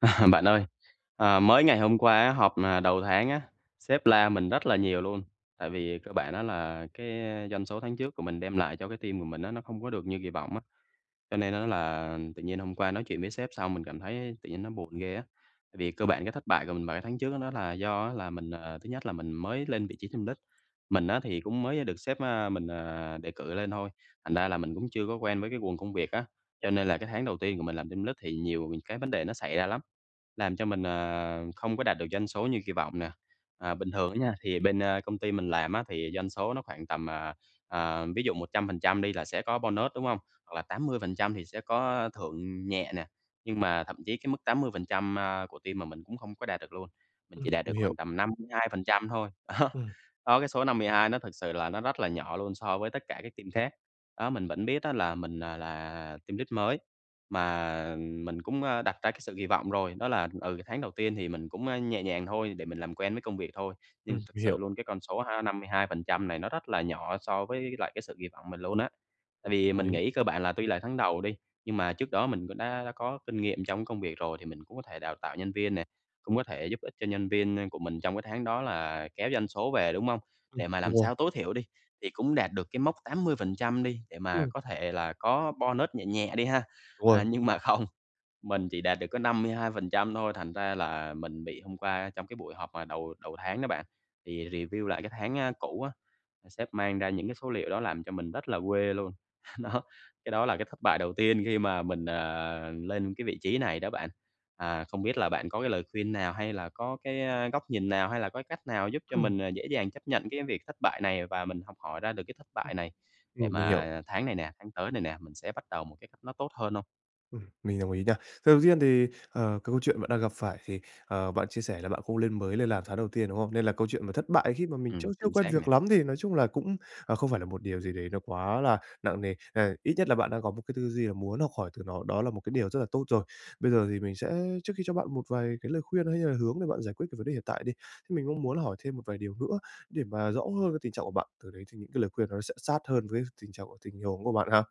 À, bạn ơi, ờ, mới ngày hôm qua á họp, ờ, đầu tháng á, sếp la mình rất là nhiều luôn. Tại vì cơ bản á là cái doanh số tháng trước của mình đem lại cho cái team của mình á nó không có được như kỳ vọng á, cho nên á là tự nhiên hôm qua nói chuyện với sếp xong mình cảm thấy tự nhiên nó buồn ghê á. Tại vì cơ bản cái thất bại của mình vào cái tháng trước đó là do á là mình, à, thứ nhất là mình mới lên vị trí team lead. Mình á thì cũng mới được sếp, a, mình, à, đề cử lên thôi, thành ra là mình cũng chưa có quen với cái guồng công việc á. Cho nên là cái tháng đầu tiên của mình làm team lead thì nhiều cái vấn đề nó xảy ra lắm. Làm cho mình, ờ, không có đạt được doanh số như kỳ vọng nè. À, bình thường á nha, thì bên, a, công ty mình làm á thì doanh số nó khoảng tầm, à, ờ, ví dụ 100% đi là sẽ có bonus, đúng hông? Hoặc là 80% thì sẽ có thưởng nhẹ nè. Nhưng mà thậm chí cái mức 80%, a, của team mà mình cũng không có đạt được luôn. Mình Ừm, chỉ đạt được mình hiểu. khoảng tầm 52% thôi. Á, Ừm. đó cái số 52 nó thực sự là nó rất là nhỏ luôn so với tất cả các team khác. Đó, mình vẫn biết á là mình là là team lead mới mà mình cũng, a, đặt ra cái sự kỳ vọng rồi, đó là, ừ, tháng đầu tiên thì mình cũng, a, nhẹ nhàng thôi để mình làm quen với công việc thôi. Nhưng Ừm, thực mình sự hiểu. luôn cái con số ha 52% này nó rất là nhỏ so với lại cái sự kỳ vọng mình luôn á. Tại Ừm, vì đồng mình ý. nghĩ cơ bản là tuy là tháng đầu đi, nhưng mà trước đó mình cũng đã đã có kinh nghiệm trong cái công việc rồi thì mình cũng có thể đào tạo nhân viên nè, cũng có thể giúp ích cho nhân viên của mình trong cái tháng đó là kéo doanh số về, đúng hông? Ừm, Để mà đúng làm rồi. sao tối thiểu đi, thì cũng đạt được cái mốc 80%, đi để mà Ừm. có thể là có bonus nhẹ nhẹ đi ha. Đúng rồi. À, nhưng mà không, mình chỉ đạt được có 52% thôi, thành ra là mình bị hôm qua trong cái buổi họp mà đầu đầu tháng đó bạn, thì review lại cái tháng, a, cũ á, sếp mang ra những cái số liệu đó làm cho mình rất là quê luôn. Đó, cái đó là cái thất bại đầu tiên khi mà mình, ờ, lên cái vị trí này đó bạn. À, không biết là bạn có cái lời khuyên nào hay là có cái, a, góc nhìn nào hay là có cái cách nào giúp cho Ừm. mình dễ dàng chấp nhận cái việc thất bại này và mình học hỏi ra được cái thất Ừm. bại này để Ừm, mình hiểu. mà tháng này nè, tháng tới này nè, mình sẽ bắt đầu một cái cách nó tốt hơn hông? Ừm, mình đồng ý nha. Sầu tiên thì, ờ, cái câu chuyện bạn đang gặp phải thì, ờ, bạn chia sẻ là bạn không lên mới lên làm tháng đầu tiên, đúng không? Nên là câu chuyện mà thất bại, khi mà mình chưa Ừm, chưa chính quen xác việc nè. lắm thì nói chung là cũng, ờ, không phải là một điều gì đấy nó quá là nặng nề. Ờ, ít nhất là bạn đang có một cái tư duy là muốn học hỏi từ nó, đó là một cái điều rất là tốt rồi. Bây giờ thì mình sẽ trước khi cho bạn một vài cái lời khuyên hay hay là hướng để bạn giải quyết cái vấn đề hiện tại đi, thế mình cũng muốn là hỏi thêm một vài điều nữa để mà rõ hơn về tình trạng của bạn, từ đấy thì những cái lời khuyên nó sẽ sát hơn với tình trạng của tình huống của bạn ha.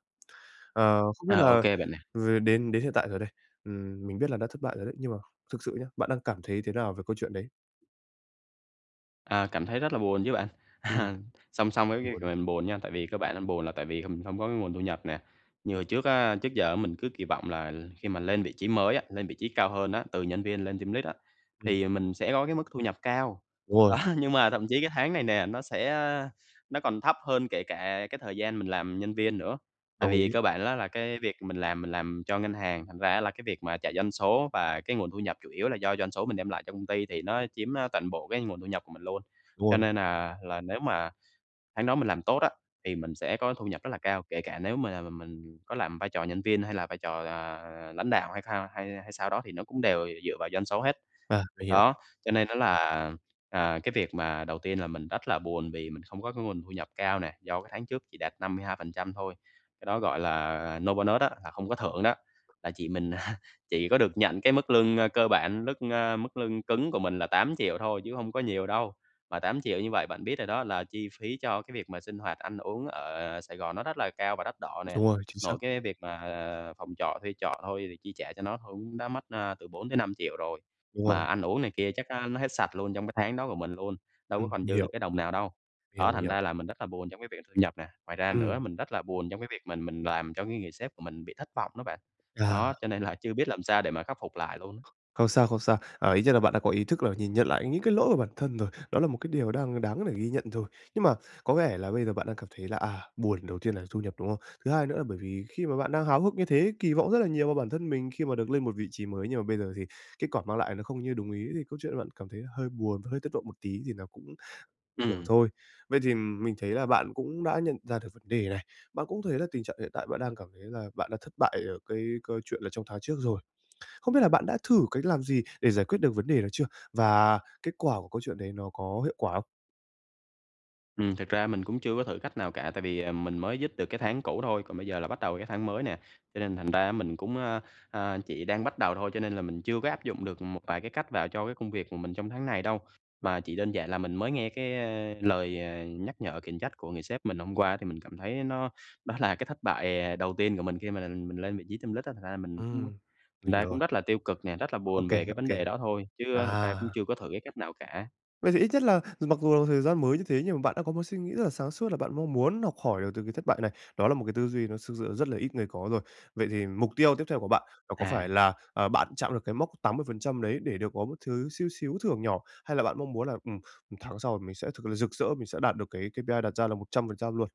Ờ, không biết À, ô là kê bạn nè. v đến đến hiện tại rồi đây, ừm, mình biết là đã thất bại rồi đấy, nhưng mà thực sự nhá, bạn đang cảm thấy thế nào về câu chuyện đấy? À, cảm thấy rất là buồn chứ bạn. À, Ừm. song song với cái việc Buồn. là mình buồn nha, tại vì cơ bản là buồn là tại vì, hừm, không có cái nguồn thu nhập nè. Như hồi trước á, trước giờ á mình cứ kỳ vọng là khi mà lên vị trí mới á, lên vị trí cao hơn á, từ nhân viên lên team lead á, Ừm. thì mình sẽ có cái mức thu nhập cao. Đúng rồi. Đó nhưng mà thậm chí cái tháng này nè, nó sẽ, a nó còn thấp hơn kể cả cái thời gian mình làm nhân viên nữa. Tại Đồng vì ý. cơ bản á là cái việc mình làm mình làm cho ngân hàng, thành ra á là cái việc mà chạy doanh số và cái nguồn thu nhập chủ yếu là do doanh số mình đem lại cho công ty thì nó chiếm, ơ, toàn bộ cái nguồn thu nhập của mình luôn. Đúng Cho rồi. nên, à, là nếu mà tháng đó mình làm tốt á thì mình sẽ có thu nhập rất là cao, kể cả nếu mà là m mình có làm vai trò nhân viên hay là vai trò, ờ, lãnh đạo hay thao hay hay sao đó thì nó cũng đều dựa vào doanh số hết. À, mình hiểu. Đó, cho nên á là, à, cái việc mà đầu tiên là mình rất là buồn vì mình không có cái nguồn thu nhập cao nè, do cái tháng trước chỉ đạt 52% thôi. Cái đó, gọi là, no bonus á, là không có thưởng đó, là chỉ mình chỉ có được nhận cái mức lương, ơ, cơ bản, mức, ơ, mức lương cứng của mình là 8.000.000 thôi chứ hông có nhiều đâu. Mà 8.000.000 như vậy bạn biết rồi đó là chi phí cho cái việc mà sinh hoạt, ăn uống ở Sài Gòn nó rất là cao và đắt đỏ nè. Đúng rồi, chính xác. Nội cái việc mà, ờ, phòng trọ, thuê trọ thôi thì chi trả cho nó thôi cũng đã mất, ơ, từ 4.000.000-5.000.000 rồi. Đúng Mà rồi. ăn uống này kia chắc á nó hết sạch luôn trong cái tháng đó của mình luôn, đâu có Ừm, còn mình dư được hiểu. cái đồng nào đâu. Đó, Hiểu, thành hiểu. ra là mình rất là buồn trong cái việc thu nhập nè. Ngoài ra nữa Ừm. mình rất là buồn trong cái việc mình mình làm cho cái người sếp của mình bị thất vọng đó bạn. À. Đó, cho nên là chưa biết làm sao để mà khắc phục lại luôn. Không sao, không sao. À, ít nhất là bạn đã có ý thức là nhìn nhận lại những cái lỗi của bản thân rồi, đó là một cái điều đang đáng để ghi nhận rồi. Nhưng mà có vẻ là bây giờ bạn đang cảm thấy là, à, buồn, đầu tiên là thu nhập, đúng không? Thứ hai nữa là bởi vì khi mà bạn đang háo hức như thế, kỳ vọng rất là nhiều vào bản thân mình khi mà được lên một vị trí mới, nhưng mà bây giờ thì kết quả mang lại nó không như đúng ý thì câu chuyện là bạn cảm thấy là hơi buồn và hơi thất vọng một tí thì nó cũng hiểu Ừm. thôi. Vậy thì, ừm, mình thấy là bạn cũng đã nhận ra được vấn đề này, bạn cũng thấy là tình trạng hiện tại bạn đang cảm thấy là bạn đã thất bại ở cái câu chuyện là trong tháng trước rồi. Không biết là bạn đã thử cách làm gì để giải quyết được vấn đề đó chưa? Và kết quả của câu chuyện đấy nó có hiệu quả không? Ừm, thực ra mình cũng chưa có thử cách nào cả, tại vì, à, mình mới dứt được cái tháng cũ thôi, còn bây giờ là bắt đầu cái tháng mới nè. Cho nên thành ra á mình cũng, à, chỉ đang bắt đầu thôi, cho nên là mình chưa có áp dụng được một vài cái cách vào cho cái công việc của mình trong tháng này đâu. Mà chỉ đơn giản là mình mới nghe cái, ờ, lời, ờ, nhắc nhở, khiển trách của người sếp mình hôm qua thì mình cảm thấy nó nó là cái thất bại, ờ, đầu tiên của mình khi mà mình mình lên vị trí team lead á. Thành ra là mình cũng Ừm, thành mình ra hiểu cũng rồi. rất là tiêu cực nè, rất là Ô buồn kê, về cái ô vấn kê. đề đó thôi, chứ thực ra cũng À! chưa có thử cái cách nào cả. Vậy thì ít nhất là dù mặc dù thời gian mới như thế nhưng mà bạn đã có một suy nghĩ rất là sáng suốt là bạn mong muốn học hỏi được từ cái thất bại này. Đó là một cái tư duy nó thực sự rất là ít người có rồi. Vậy thì mục tiêu tiếp theo của bạn nó có phải À. là, ờ, bạn chạm được cái mốc 80% đấy để được có một thứ xíu xíu thưởng nhỏ, hay là bạn mong muốn là, ừm, 1 tháng sau mình sẽ thực là rực rỡ, mình sẽ đạt được cái KPI đặt ra là 100% luôn?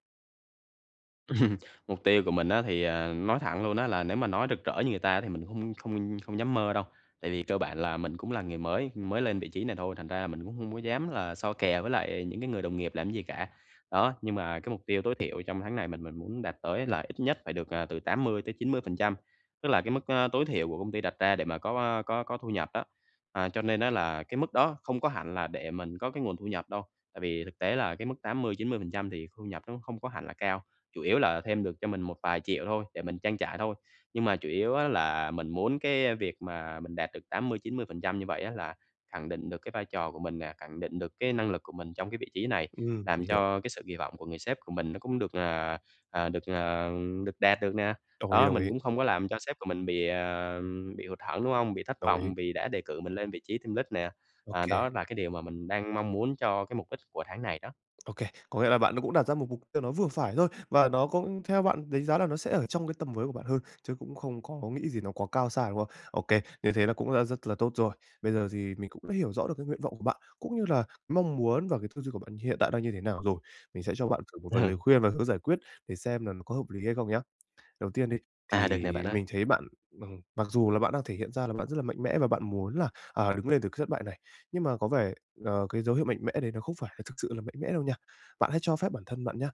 Ừm. Mục tiêu của mình á thì, ờ, nói thẳng luôn á là nếu mà nói rực rỡ như người ta thì mình cũng không không không dám mơ đâu. Tại vì cơ bản là mình cũng là người mới, mới lên vị trí này thôi, thành ra là mình cũng hông có dám là so kè với lại những cái người đồng nghiệp làm cái gì cả. Đó, nhưng mà cái mục tiêu tối thiểu trong tháng này mình mình muốn đạt tới là ít nhất phải được, ờ, từ 80-90%. Tức là cái mức, a, tối thiểu của công ty đặt ra để mà có có có thu nhập đó. À, cho nên á là cái mức đó không có hẳn là để mình có cái nguồn thu nhập đâu, tại vì thực tế là cái mức 80-90% thì thu nhập nó không có hẳn là cao, chủ yếu là thêm được cho mình một vài triệu thôi để mình trang trải thôi. Nhưng mà chủ yếu á là mình muốn cái việc mà mình đạt được 80-90% như vậy á là khẳng định được cái vai trò của mình nè, khẳng định được cái năng lực của mình trong cái vị trí này, Ừm, làm mình hiểu. cho cái sự kỳ vọng của người sếp của mình nó cũng được, ờ, ờ, được, ờ, được đạt được nè. Đồng ý, Đó, đồng mình ý. cũng không có làm cho sếp của mình bị, à, bị hụt hẫng, đúng không? Bị thất Đồng ý. vọng vì đã đề cử mình lên vị trí team lead nè. Ô À, kê. đó là cái điều mà mình đang mong muốn cho cái mục đích của tháng này đó. Ô kê, có nghĩa là bạn cũng đặt ra một mục tiêu nó vừa phải thôi và nó cũng theo bạn đánh giá là nó sẽ ở trong cái tầm với của bạn hơn, chứ cũng không có nghĩ gì nó quá cao xa, đúng không? Ô kê, như thế là cũng đã rất là tốt rồi. Bây giờ thì mình cũng hiểu rõ được cái nguyện vọng của bạn, cũng như là mong muốn và cái tư duy của bạn hiện tại đang như thế nào rồi. Mình sẽ cho bạn thử một vài lời Ừ. khuyên và hướng giải quyết để xem là nó có hợp lý hay không nhá. Đầu tiên đi À, được nè thì bạn ơi. mình thấy bạn, m mặc dù là bạn đang thể hiện ra là bạn rất là mạnh mẽ và bạn muốn là, à, đứng lên từ cái thất bại này. Nhưng mà có vẻ, ờ, cái dấu hiệu mạnh mẽ đấy nó không phải là thực sự là mạnh mẽ đâu nha. Bạn hãy cho phép bản thân bạn nhá,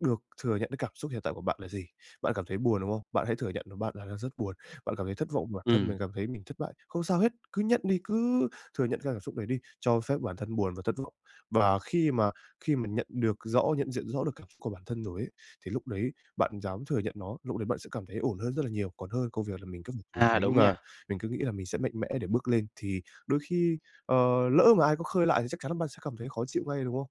được thừa nhận cái cảm xúc hiện tại của bạn là gì. Bạn cảm thấy buồn, đúng không? Bạn hãy thừa nhận đúng bạn là đang rất buồn, bạn cảm thấy thất vọng bản thân mình, Ừm. cảm thấy mình thất bại, không sao hết. Cứ nhận đi, cứ thừa nhận cái cảm xúc đấy đi, cho phép bản thân buồn và thất vọng. Và khi mà khi mà nhận được rõ nhận diện rõ được cảm xúc của bản thân rồi ấy, thì lúc đấy bạn dám thừa nhận nó, lúc đấy bạn sẽ cảm thấy ổn hơn rất là nhiều, còn hơn công việc là mình cứ phải trốn À, tránh đúng và nha. mình cứ nghĩ là mình sẽ mạnh mẽ để bước lên, thì đôi khi, ờ, lỡ mà ai có khơi lại thì chắc chắn là bạn sẽ cảm thấy khó chịu ngay, đúng không?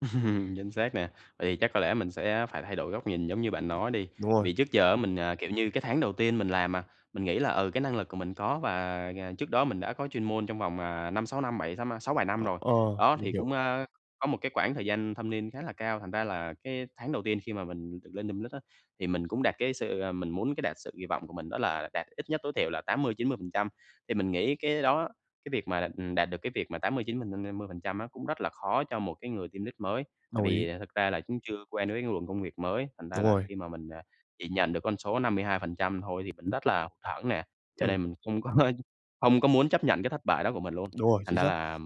Chính xác nè, tại vì chắc có lẽ mình sẽ phải thay đổi góc Ừm. nhìn giống như bạn nói đi, Đúng tại rồi. vì trước giờ á mình, à, kiểu như, cái tháng đầu tiên mình làm mà, mình nghĩ là, ừ, cái năng lực của mình có, và, à, trước đó mình đã có chuyên môn trong vòng, à, 5-6 năm bảy, tám a, 6-7 năm Ờ, rồi. ờ, Đó, mình thì hiểu. cũng, a, có một cái quãng thời gian thâm niên khá là cao, thành ra là cái tháng đầu tiên khi mà mình được lên team lead á, thì mình cũng đạt cái sự ờ, mình muốn cái đạt sự kỳ vọng của mình đó là đạt ít nhất tối thiểu là 80%-90%. Thì mình nghĩ cái đó, cái việc mà, ừm, đạt được cái việc mà 80, chín m m mươi phần trăm á, cũng rất là khó cho một cái người team lead mới. Tại Đồng ý. vì thực ra là cũng chưa quen với cái luồng công việc mới, thành ra Đúng là rồi. khi mà mình, à, chỉ nhận được con số 52% thôi thì mình rất là hụt hẫng nè, cho Ừm. nên mình không có không có muốn chấp nhận cái thất bại đó của mình luôn. Đúng rồi, Thành chính ra xác. là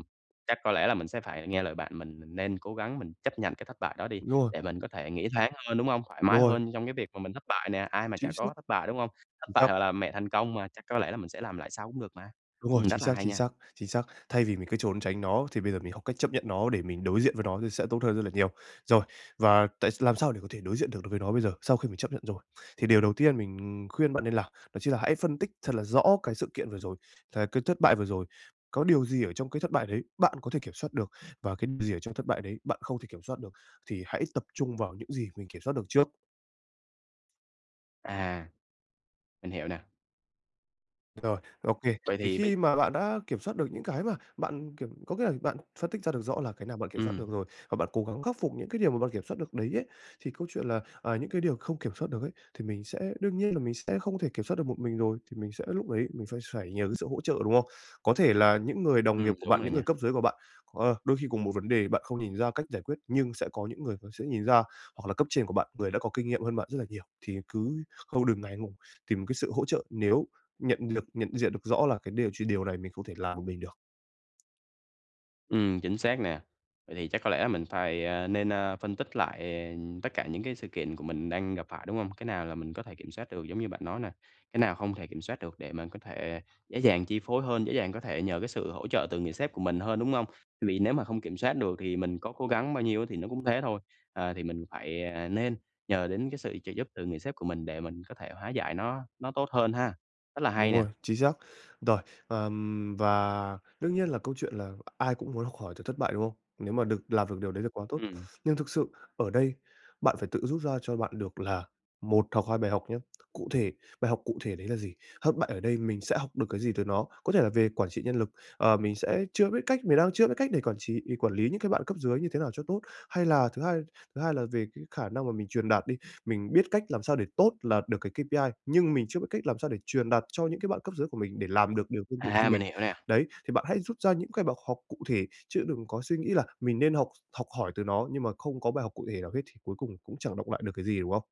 chắc có lẽ là mình sẽ phải nghe lời bạn, mình mình nên cố gắng mình chấp nhận cái thất bại đó đi Đúng rồi. để mình có thể nghĩ thoáng hơn, đúng hông? Thoải Đúng mái rồi. hơn trong cái việc mà mình thất bại nè, ai mà Chính chả xác. có thất bại, đúng hông? Thất Chính xác. bại gọi là mẹ thành công mà, chắc có lẽ là mình sẽ làm lại sau cũng được mà. Đúng rồi, Ừm, chính rất là xác, hay chính nha! xác, chính xác. Thay vì mình cứ trốn tránh nó, thì bây giờ mình học cách chấp nhận nó để mình đối diện với nó thì sẽ tốt hơn rất là nhiều. Rồi, và tại làm sao để có thể đối diện được đối với nó bây giờ, sau khi mình chấp nhận rồi? Thì điều đầu tiên mình khuyên bạn nên làm, đó chính là hãy phân tích thật là rõ cái sự kiện vừa rồi cái cái thất bại vừa rồi. Có điều gì ở trong cái thất bại đấy bạn có thể kiểm soát được, và cái đ gì ở trong thất bại đấy bạn không thể kiểm soát được, thì hãy tập trung vào những gì mình kiểm soát được trước. À. Mình hiểu nà. Rồi, ô kê. Vậy Thì thì bây khi mà bạn đã kiểm soát được những cái mà bạn kiểm có nghĩa rằng bạn phân tích ra được rõ là cái nào bạn kiểm soát được Ừm. rồi, và bạn cố gắng khắc phục những cái điều mà bạn kiểm soát được đấy ấy, thì câu chuyện là, à những cái điều không kiểm soát được ấy, thì mình sẽ đương nhiên, là mình sẽ không thể kiểm soát được một mình rồi, thì mình sẽ lúc đấy mình sẽ phải nhờ cái sự hỗ trợ, đúng không? Có thể là những người đồng nghiệp Ừm, của đúng bạn, rồi những người nha. cấp dưới của bạn, à, đôi khi cùng một vấn đề, bạn không nhìn ra cách giải quyết nhưng sẽ có những người họ sẽ nhìn ra, hoặc là cấp trên của bạn, người đã có kinh nghiệm hơn bạn rất là nhiều. Thì cứ không đừng ngại ngùng, tìm cái sự hỗ trợ nếu nhận lực nhận diện được rõ là cái điều chỉ điều này mình không thể làm một mình được. Ừm, chính xác nè. Vậy thì chắc có lẽ mình phai, a, nên, a, phân tích lại tất cả những cái sự kiện của mình đang gặp phải, đúng hông? Cái nào là mình có thể kiểm soát được giống như bạn nói nà, cái nào hông thể kiểm soát được để mình có thể dễ dàng chi phối hơn, dễ dàng có thể nhờ cái sự hỗ trợ từ người sếp của mình hơn, đúng hông? Vì nếu mà hông kiểm soát được thì mình có cố gắng bao nhiêu á, thì nó cũng thế thôi. À, thì mình phải, à, nên nhờ đến cái sự trợ giúp từ người sếp của mình để mình có thể hóa giải nó nó tốt hơn ha. Rất là Đúng hay nè. rồi, chính xác. Rồi, ờm. Và đương nhiên là câu chuyện là ai cũng muốn khỏi từ thất bại, đúng không? Nếu mà được làm được điều đấy là quá tốt. Ừm. Nhưng thực sự ở đây, bạn phải tự rút ra cho bạn được là 1 hoặc 2 bài học nhé. Cụ thể, bài học cụ thể đấy là gì? Hất bại ở đây mình sẽ học được cái gì từ nó? Có thể là về quản trị nhân lực, ờ, mình sẽ chưa biết cách, mình đang chưa biết cách để quản trị, để quản lý những cái bạn cấp dưới như thế nào cho tốt. Hay là thứ hai thứ hai là về cái khả năng mà mình truyền đạt đi, mình biết cách làm sao để tốt, lạt được cái KPI, nhưng mình chưa biết cách làm sao để truyền đạt cho những cái bạn cấp dưới của mình để làm được điều tương tự như À, mình. mình hiểu nè. Đấy, thì bạn hãy rút ra những cái bậc hộc cụ thể, chứ đừng có suy nghĩ là mình nên học học hỏi từ nó nhưng mà không có bài học cụ thể nào hết thì cuối cùng cũng chẳng đọng lại được cái gì, đúng không?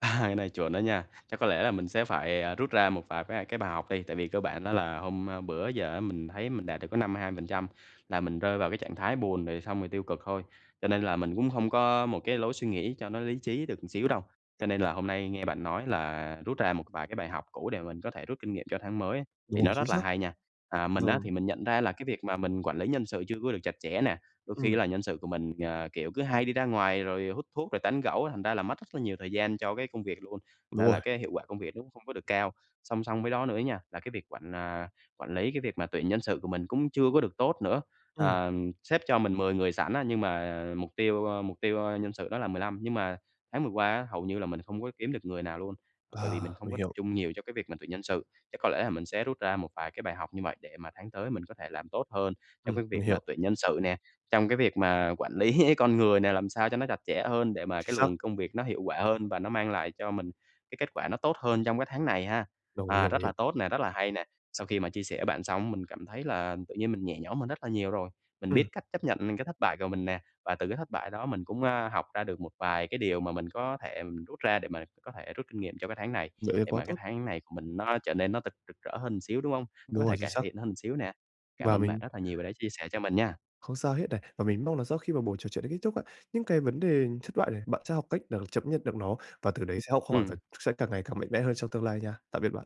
À, cái này chuẩn đó nha. Chắc có lẽ là mình sẽ phải, à, rút ra một vài bái cái bài học đi, tại vì cơ bản đó là hôm, ơ, bữa giờ á mình thấy mình đạt được có 52% là mình rơi vào cái trạng thái buồn, rồi xong rồi tiêu cực thôi, cho nên là mình cũng không có một cái lối suy nghĩ cho nó lý trí được một xíu đâu. Cho nên là hôm nay nghe bạn nói là rút ra một vài cái bài học cũ để mình có thể rút kinh nghiệm cho tháng mới á, Đúng thì rồi, nó chính rất là xác. hay nha. À, mình á Vâng. thì mình nhận ra là cái việc mà mình quản lý nhân sự chưa có được chặt chẽ nè, đôi khi á Ừm. là nhân sự của mình, à, kiểu cứ hay đi ra ngoài rồi hút thuốc, rồi tán gẫu, thành ra là mất rất là nhiều thời gian cho cái công việc luôn, thành Đúng ra rồi. là cái hiệu quả công việc nó không có được cao. Song song với đó nữa nha, là cái việc quản, à, quản lý cái việc mà tuyển nhân sự của mình cũng chưa có được tốt nữa. Ừm. À, ừm, sếp cho mình 10 người sẵn á, nhưng mà mục tiêu ơ, mục tiêu, ơ, nhân sự đó là 15, nhưng mà tháng vừa qua á, hầu như là mình không có kiếm được người nào luôn, bởi vì À, mình không mình có tập hiểu. trung nhiều cho cái việc mình tuyển nhân sự. Chắc có lẽ là mình sẽ rút ra một vài cái bài học như vậy để mà tháng tới mình có thể làm tốt hơn trong Ừm, cái mình việc mà hiểu. tuyển nhân sự nè, trong cái việc mà quản lý con người nè, làm sao cho nó chặt chẽ hơn để mà Chính cái xác. luồng công việc nó hiệu quả hơn và nó mang lại cho mình cái kết quả nó tốt hơn trong cái tháng này ha. Đồng ý, À, đồng rất ý. là tốt nè, rất là hay nè. Sau khi mà chia sẻ với bạn xong mình cảm thấy là tự nhiên mình nhẹ nhõm hơn rất là nhiều rồi, mình Ừm. biết cách chấp nhận những cái thất bại của mình nè và từ cái thất bại đó mình cũng, a, học ra được một vài cái điều mà mình có thể mình rút ra để mà có thể rút kinh nghiệm cho cái tháng này, Vậy thì để quá mà cái tốt. tháng này của mình nó trở nên nó thật rực rỡ hơn xíu, đúng hông? Nó có Đúng rồi, thể chính cải xác. thiện hơn xíu nè. Cảm Và ơn bạn mình rất là nhiều vì đã chia sẻ cho mình nha! Không sao hết này. Và mình mong là sau khi mà buổi trò chuyện này kết thúc á, những cái vấn đề thất bại này, bạn sẽ học cách là chấp nhận được nó và từ đấy sẽ học hỏi và c Ừm. sẽ càng ngày càng mạnh mẽ hơn trong tương lai nha. Tạm biệt bạn!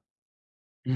Ừm.